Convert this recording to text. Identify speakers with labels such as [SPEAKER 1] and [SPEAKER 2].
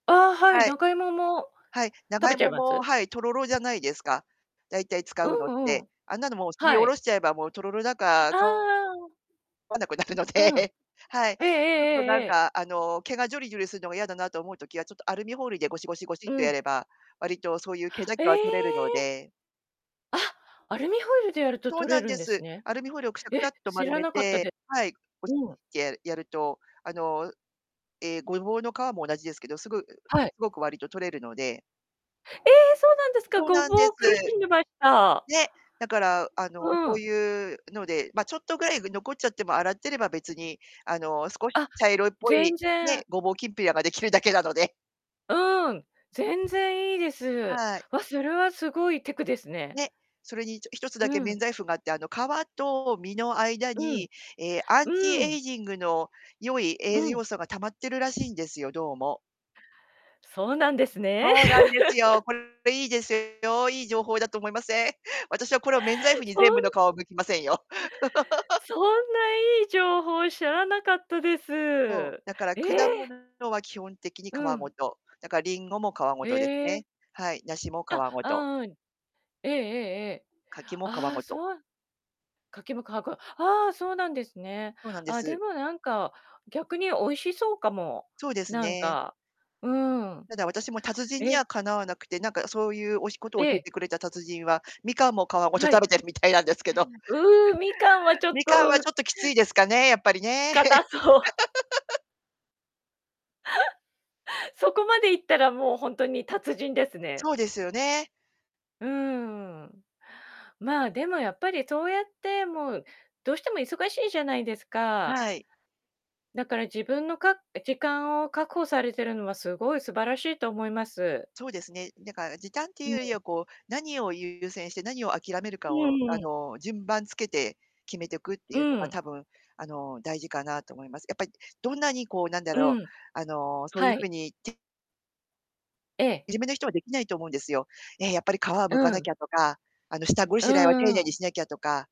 [SPEAKER 1] ああ、はい、
[SPEAKER 2] はい。
[SPEAKER 1] 長芋も、
[SPEAKER 2] はい、
[SPEAKER 1] 食
[SPEAKER 2] 長
[SPEAKER 1] べちゃい
[SPEAKER 2] 芋
[SPEAKER 1] ま
[SPEAKER 2] も、
[SPEAKER 1] す？
[SPEAKER 2] はい、とろろじゃないですか。大体、使
[SPEAKER 1] う
[SPEAKER 2] うのっ
[SPEAKER 1] んう
[SPEAKER 2] て。
[SPEAKER 1] ん。
[SPEAKER 2] あんなのもう、すり
[SPEAKER 1] は
[SPEAKER 2] おろ
[SPEAKER 1] い。
[SPEAKER 2] しちゃえば、もう、とろろだか、
[SPEAKER 1] ああ
[SPEAKER 2] か
[SPEAKER 1] ああ。
[SPEAKER 2] 分なくなるの
[SPEAKER 1] うん。
[SPEAKER 2] で、はい。ち
[SPEAKER 1] えええ
[SPEAKER 2] ょっ
[SPEAKER 1] え
[SPEAKER 2] と、な
[SPEAKER 1] え
[SPEAKER 2] ん
[SPEAKER 1] えええ。
[SPEAKER 2] か、あの、毛がジョリジョリすんのがやだなと思うときは、ちょっと、アルミホイルでゴシゴシゴシ
[SPEAKER 1] う
[SPEAKER 2] っとや
[SPEAKER 1] ん。
[SPEAKER 2] れば、わりと、そういう、毛だ
[SPEAKER 1] え
[SPEAKER 2] けは取れるの
[SPEAKER 1] え！
[SPEAKER 2] で。
[SPEAKER 1] あ、アルミホイルでやると
[SPEAKER 2] そう
[SPEAKER 1] 取れ
[SPEAKER 2] なん
[SPEAKER 1] るん
[SPEAKER 2] で
[SPEAKER 1] です
[SPEAKER 2] す。
[SPEAKER 1] ね。
[SPEAKER 2] アルミホイルをくしゃくし
[SPEAKER 1] え！
[SPEAKER 2] ゃっと
[SPEAKER 1] 知
[SPEAKER 2] 丸
[SPEAKER 1] ら
[SPEAKER 2] め
[SPEAKER 1] なかった
[SPEAKER 2] て
[SPEAKER 1] で
[SPEAKER 2] はい、ゴシ
[SPEAKER 1] うん。
[SPEAKER 2] って、ややると、あの、うええ、ゴボウの皮も同じですけど、すぐううう、す
[SPEAKER 1] はい。
[SPEAKER 2] ごく、わりと取れるので
[SPEAKER 1] ええ！そうなんですか。
[SPEAKER 2] そう
[SPEAKER 1] ゴ
[SPEAKER 2] なんで
[SPEAKER 1] ボ
[SPEAKER 2] す。
[SPEAKER 1] ウ、苦しんでました。
[SPEAKER 2] ね、だから、あの、
[SPEAKER 1] う
[SPEAKER 2] そう
[SPEAKER 1] ん。
[SPEAKER 2] いうので、ま、ちょっとぐらい、ぐ残っちゃっても、洗ってれば別に、あの、少し
[SPEAKER 1] あ、
[SPEAKER 2] 茶色っぽ
[SPEAKER 1] 全
[SPEAKER 2] い、ね、
[SPEAKER 1] 然。
[SPEAKER 2] ゴボウきんぴらができるだけなので。
[SPEAKER 1] うん、全然いいです。
[SPEAKER 2] はい。
[SPEAKER 1] わ、それはすごいテクですね。
[SPEAKER 2] ね、それに、ちょ1つ
[SPEAKER 1] う
[SPEAKER 2] だけ免
[SPEAKER 1] ん。
[SPEAKER 2] 罪符があって、あの、皮と身の間
[SPEAKER 1] うん。
[SPEAKER 2] に、ええ、ア
[SPEAKER 1] う
[SPEAKER 2] ンチ
[SPEAKER 1] ー
[SPEAKER 2] エ
[SPEAKER 1] ん。
[SPEAKER 2] イジングの良い
[SPEAKER 1] う
[SPEAKER 2] 栄
[SPEAKER 1] ん。
[SPEAKER 2] 養素が貯まってるらしいんですよ、どうも。
[SPEAKER 1] そうなんですね。
[SPEAKER 2] そうなんでつよ。これいいですよ、いい情報だと思いません？私はこれを免罪符に、
[SPEAKER 1] ほ
[SPEAKER 2] 全部の
[SPEAKER 1] ん
[SPEAKER 2] 皮を剥きませんよ。
[SPEAKER 1] そんないい情報、知らなかったです。
[SPEAKER 2] そ
[SPEAKER 1] え
[SPEAKER 2] う、だから果物
[SPEAKER 1] え！
[SPEAKER 2] のは、基本的に皮
[SPEAKER 1] う
[SPEAKER 2] ご
[SPEAKER 1] ん。
[SPEAKER 2] と。だか、リンゴも皮ごとです
[SPEAKER 1] え
[SPEAKER 2] ね。
[SPEAKER 1] え。
[SPEAKER 2] はい、梨も皮
[SPEAKER 1] あ、
[SPEAKER 2] ご
[SPEAKER 1] あ、
[SPEAKER 2] と。
[SPEAKER 1] うん。ええええええ。
[SPEAKER 2] 柿も皮
[SPEAKER 1] ああ、
[SPEAKER 2] ごと。
[SPEAKER 1] そう柿も皮ごああ、そうなんですね。
[SPEAKER 2] そうなんで
[SPEAKER 1] あ、で
[SPEAKER 2] す。
[SPEAKER 1] もなんか、逆に美味しそうかも、
[SPEAKER 2] そうです
[SPEAKER 1] なん
[SPEAKER 2] ね。
[SPEAKER 1] か、うーん。
[SPEAKER 2] ただ、私も達人に
[SPEAKER 1] え！
[SPEAKER 2] はかなわなくて、なんか、そういう、おしことを
[SPEAKER 1] え
[SPEAKER 2] 教え
[SPEAKER 1] え。
[SPEAKER 2] てくれた達人は、みかんも皮
[SPEAKER 1] あ、
[SPEAKER 2] ごと
[SPEAKER 1] は
[SPEAKER 2] 食
[SPEAKER 1] い。
[SPEAKER 2] べてるみたいなんですけど。
[SPEAKER 1] う、みかんはちょっ
[SPEAKER 2] みかん
[SPEAKER 1] と、
[SPEAKER 2] はち
[SPEAKER 1] う
[SPEAKER 2] ょっときついですかね、やっぱりね。
[SPEAKER 1] 硬そう。そこまでいったら、もう、ほんとに達人です
[SPEAKER 2] ええ、
[SPEAKER 1] ね。
[SPEAKER 2] そうですよね。
[SPEAKER 1] うーん。まあ、でも、やっぱりそうやって、もうどうしても忙しいじゃないですか。
[SPEAKER 2] はい。
[SPEAKER 1] だから、自分の、か時間を確保されてるのは、すごい素晴らしいと思います。
[SPEAKER 2] そうですね、だから時短ってい
[SPEAKER 1] う
[SPEAKER 2] うより
[SPEAKER 1] ん。
[SPEAKER 2] は、こう、何を優先して何を諦める
[SPEAKER 1] う
[SPEAKER 2] かを、
[SPEAKER 1] ん
[SPEAKER 2] あ
[SPEAKER 1] うん。
[SPEAKER 2] の、順番つけて決めてくって
[SPEAKER 1] う
[SPEAKER 2] いうのが、
[SPEAKER 1] ん。
[SPEAKER 2] 多分、あの、大事かなと思います。やっぱい、どんなに、こう、なんだ
[SPEAKER 1] う
[SPEAKER 2] ろう、
[SPEAKER 1] ん。
[SPEAKER 2] あの、そういう
[SPEAKER 1] は
[SPEAKER 2] ふう
[SPEAKER 1] い。
[SPEAKER 2] に、て
[SPEAKER 1] ええ。
[SPEAKER 2] じめな人はできないと思うんですよ。ええ、やっぱり、皮は
[SPEAKER 1] う
[SPEAKER 2] 剥かなき
[SPEAKER 1] ん。
[SPEAKER 2] ゃとか、あの、下ご
[SPEAKER 1] う
[SPEAKER 2] しらえは丁
[SPEAKER 1] んう
[SPEAKER 2] 寧に
[SPEAKER 1] ん。
[SPEAKER 2] しなきゃとか